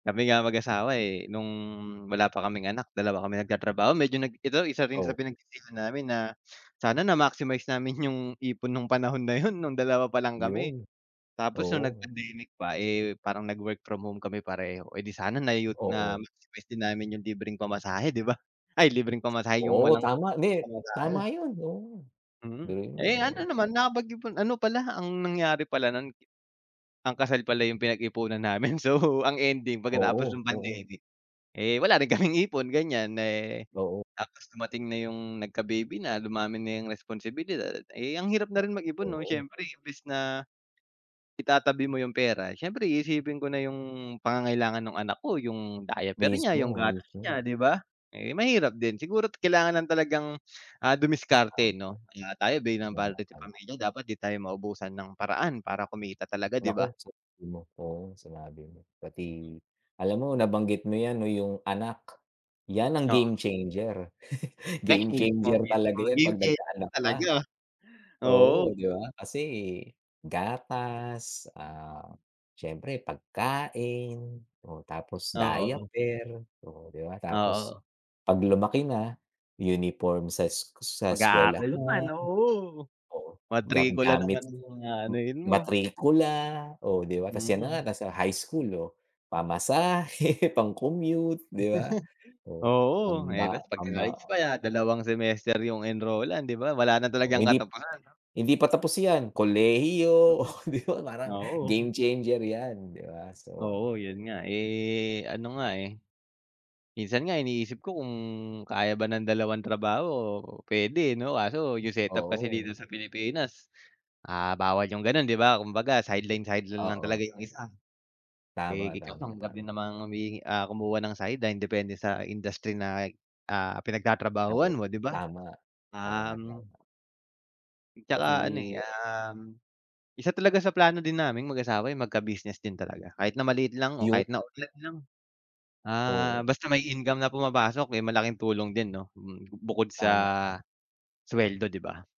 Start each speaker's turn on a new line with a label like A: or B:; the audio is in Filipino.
A: Kami nga mag-asawa eh, nung wala pa kaming anak, dalawa kami nagtatrabaho, medyo nag ito isa rin sa
B: O.
A: pinag sisihan namin na, sana na maximize namin yung ipon nung panahon na yun nung dalawa pa lang kami.
B: 'Yun.
A: Tapos nung nag
B: Oo.
A: pandemic pa, eh, parang nag-work from home kami pareho, eh di sana na u
B: Oo.
A: na-maximize din namin 'yung libreng pamasahe, 'di ba? Ay libreng pamasahe, yung
B: Oo
A: walang
B: tama. 'Di
A: pamasahe.
B: tama iyun, oo. 'Di
A: Mm.
B: iyun
A: Eh, ano
B: oo.
A: naman nakapag ipon ano pala, ang nangyari pala nun ang kasal pala yung pinagipunan namin, so ang ending pagkatapos
B: Oo.
A: ng
B: Oo.
A: pandemic, eh, wala rin kaming ipon ganiyan, eh,
B: Oo.
A: tapos dumating na 'yung nagka-baby na, dumami na yung responsibilidad, eh, ang hirap na rin
B: Naku,
A: mag-ipon 'no,
B: oo.
A: siyempre imbis na, itatabi mo yung pera, siyempre iisipin ko na 'yung pangangailangan nung anak ko, 'yung diaper niya, yung
B: Mismo,
A: gatas
B: mismo.
A: niya, 'di ba? Eh mahirap din siguro kailangan lang talagang, ah,
B: Tama.
A: dumiskarte 'no? Ah, tayo bilang
B: Tama,
A: padre de
B: tama.
A: pamilya dapat di tayo maubusan ng paraan para kumita talaga 'di ba?
B: Naku, sinabi mo oo, sinabi mo. Pati, alam mo nabanggit mo iyan 'no, 'yung anak, yan ang game
A: Oo.
B: changer.
A: Te
B: Game
A: mismo,
B: changer
A: mismo.
B: talaga 'yan
A: Game
B: kapag
A: changer
B: nagkaanak ka.
A: talaga. Oo.
B: Oo, 'di ba? Kasi gatas, ah, siyempre pagkain, o tapos
A: Oo.
B: diaper, oh 'di ba? Tapos
A: Oo.
B: kapag lumaki na, uniform sa es sa
A: Mag-aaral naman,
B: eskwelahan,
A: oo.
B: oo, ga
A: Matrikula
B: gamit,
A: naman ang
B: ma
A: aanuhin mo.
B: matrikula, oo, 'di ba? Tapos iyan na nga,
A: Mm.
B: nasa high school, oo, pamasahe, pang-commute, 'di ba? Oh,
A: Oo. Eh,
B: pamba
A: tapos magka-college
B: pambaon
A: pa iyan, dalawang semester 'yung enrollan, 'di ba? Wala na
B: Oo,
A: talagang
B: hindi
A: katapusan.
B: hindi pa tapos iyan, kolehiyo,
A: Mm.
B: oh 'di ba parang
A: Oo.
B: game changer iyan, 'di ba? So.
A: Oo iyun nga, eh, ano nga eh, minsan nga iniisip ko kung kaya ba ng dalawang trabaho puwede, eh, 'no? Kaso yung setup kasi
B: Oo.
A: dito sa Pilipinas, ah, bawal yung ganon, 'di ba? 'Kumbaga sideline-sideline lang
B: Oo.
A: talaga yung isa. Eh,
B: Tama,
A: ikaw
B: tama,
A: lang din
B: tama.
A: namang humihi ah, kumuha ng sideline, depende sa industry na ah,
B: Naku,
A: pinagtatrabahuhan mo, 'di ba?
B: tama, tama,
A: Um
B: tama.
A: At saka
B: Pati
A: ano eh,
B: ah
A: um, isa talaga sa plano din naming mag asawa, eh, magka business din talaga. Kahit na maliit lang o
B: Yu
A: kahit na online lang, ah,
B: Oo.
A: basta may income na pumapasok, eh, malaking tulong din 'no? Mm, bukod sa
B: Tama, tama.
A: sweldo, 'di ba?